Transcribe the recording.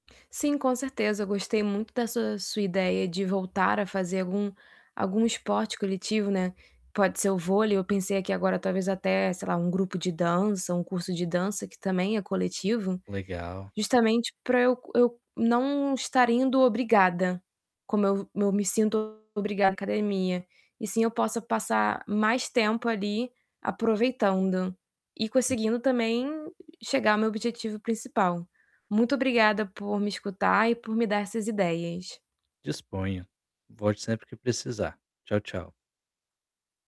Sim, com certeza. Gostei muito da sua sua ideia de voltar a fazer algum algum esporte coletivo, né. Pode ser o vôlei. Eu pensei aqui agora, talvez até, sei lá, um grupo de dança, um curso de dança, que também é coletivo, Legal, sim. justamente para eu co eu não estar indo obrigada, como eu eu me sinto obrigada à academia. E assim eu possa passar mais tempo ali, aproveitando e Sim. conseguindo também chegar ao meu objetivo principal. Muito obrigada por me escutar e por me dar essas ideias. Disponha. Volte sempre que precisar. Tchau, tchau.